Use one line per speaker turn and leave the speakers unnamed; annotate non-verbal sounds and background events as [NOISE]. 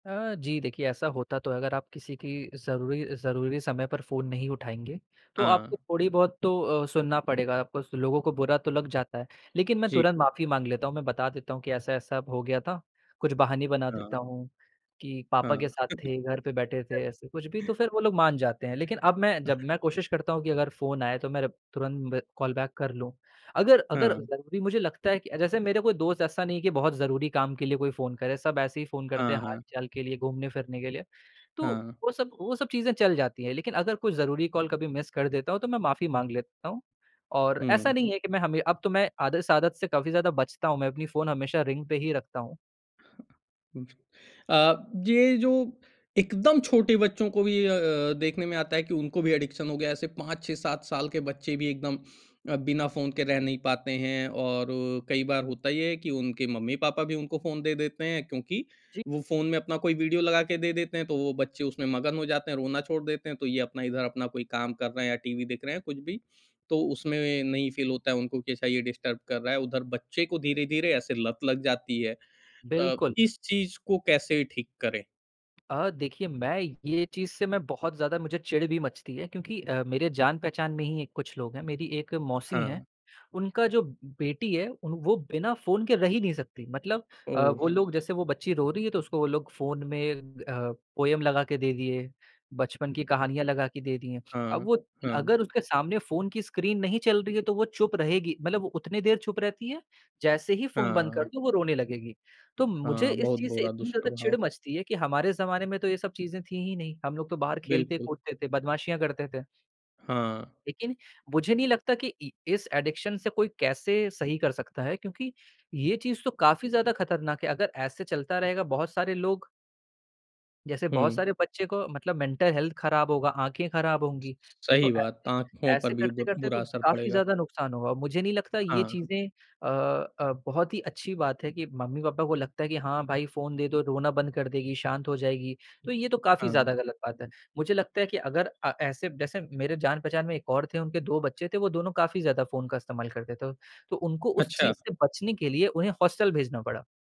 अ, जी देखिए ऐसा होता तो है, अगर आप किसी की ज़रूरी ज़रूरी समय पर फ़ोन नहीं उठाएँगे, तो आपको
हाँ।
थोड़ी-बहुत तो अ, सुनना पड़ेगा, आपको स लोगों को बुरा तो लग जाता है। लेकिन मैं
जी।
तुरंत माफ़ी माँग लेता हूँ, मैं बता देता हूँ कि ऐसा-ऐसा हो गया था, कुछ बहाने बना देता
हाँ।
हूँ, कि पापा के
हाँ।
साथ थे, घर पे बैठे थे,
[CHUCKLES]
ऐसे कुछ भी तो फिर वो लोग मान जाते हैं। लेकिन अब मैं जब मैं कोशिश करता हूँ कि अगर फ़ोन आए तो मैं रिप तुरंत ब कॉल बैक कर लूँ। अगर अगर
हाँ।
ज़रूरी मुझे लगता है कि अ, जैसे मेरे कोई दोस्त ऐसा नहीं है कि बहुत ज़रूरी काम के लिए कोई फ़ोन करे, सब ऐसे ही फ़ोन करते है
हाँ, हाँ।
हाल-चाल के लिए, घूमने-फिरने के लिए, तो
हाँ।
वो सब वो सब चीज़े चल जाती है, लेकिन अगर कोई ज़रूरी कॉल कभी मिस कर देता हूँ, तो मैं माफ़ी माँग लेता हूँ। और ऐसा
हुँ।
नहीं है कि मैं हमें अब तो मैं आद इस आदत से काफ़ी ज़्यादा बचता हूँ, मैं अपनी फ़ोन हमेशा रिंग पे ही रखता हूँ।
उ अ, ये जो एकदम छोटे बच्चों को भी अ अ, देखने में आता है कि उनको भी एडिक्शन हो गया, ऐसे 5, 6, 7 साल के बच्चे भी एकदम अ, बिना फ़ोन के रह नहीं पाते हैं। और कई बार होता ये है कि उनके मम्मी-पापा भी उनको फ़ोन दे देते हैं, क्योंकि
जी।
वो फ़ोन में अपना कोई वीडियो लगा के दे देते हैं, तो वो बच्चे उसमे मगन हो जाते हैं, रोना छोड़ देते हैं, तो ये अपना इधर अपना कोई काम कर रहे है या टीवी देख रहे हैं कुछ भी। तो उसमें नहीं फ़ील होता है उनको कि अच्छा ये डिस्टर्ब कर रहा है, उधर बच्चे को धीरे-धीरे ऐसे लत लग जाती है। अ,
बिल्कुल।
इस चीज़ को कैसे ठीक करें?
अ, देखिए मैं ये चीज़ से मैं बहुत ज़्यादा मुझे चिढ़ भी मचती है क्योंकि अ, मेरे
हाँ।
जान-पहचान में ही एक कुछ लोग हैं, मेरी एक मौसी है,
हाँ।
उनका जो ब बेटी है, उन वो बिना फ़ोन के रही ही नहीं सकती मतलब अ, वो
ओह!
लोग जैसे वो बच्ची रो रही है, तो उसको वो लोग फ़ोन में अ, पोएम लगा के दे दिए, बचपन की कहानियाँ लगा के दे दी हैं। अब
हाँ,
वो
हाँ।
अगर उसके सामने फ़ोन की स्क्रीन नहीं चल रही है, तो वो चुप रहेगी मतलब वो उतने देर चुप रहती है, जैसे ही फ़ोन बंद कर
हाँ।
दो वो रोने लगेगी। तो मुझे
हाँ,
इस
बहुत
चीज़ से
बुरा
इतनी ज़्यादा चिढ़
दुष्प्रभाव।
मचती है, कि हमारे ज़माने में तो ये सब चीज़ें थी ही नहीं, हम लोग तो बाहर
बिल्कुल।
खेलते-कूदते थे, बदमाशियाँ करते थे।
हाँ।
लेकिन मुझे नहीं लगता कि इ इस एडिक्शन से कोई कैसे सही कर सकता है, क्योंकि ये चीज़ तो काफ़ी ज़्यादा खतरनाक है। अगर ऐसे चलता रहेगा, बहुत सारे लोग जैसे बहुत
हुँ।
सारे बच्चे को मतलब मेंटल हेल्थ खराब होगा, आँखें खराब होंगी। तो
सही बात,
ऐसे
आँखों पर
ऐसे
भी दुर
करते-करते तो
बुरा असर
काफ़ी
पड़ेगा।
ज़्यादा नुकसान होगा, मुझे नहीं लगता ये
हाँ।
चीज़ें अ अ, बहुत ही अच्छी बात है कि मम्मी-पापा को लगता है कि हाँ भाई फ़ोन दे दो, रोना बंद कर देगी, शाँत हो जाएगी, तो ये तो काफ़ी
हाँ।
ज़्यादा गलत बात है। मुझे लगता है कि अगर अ, ऐसे जैसे मेरे जान-पहचान में एक और थे, उनके 2 बच्चे थे वो दोनों काफ़ी ज़्यादा फ़ोन का इस्तेमाल करते थे, तो उनको उस
अच्छा।
चीज़ से बचने के लिए उन्हें हॉस्टल भेजना पड़ा।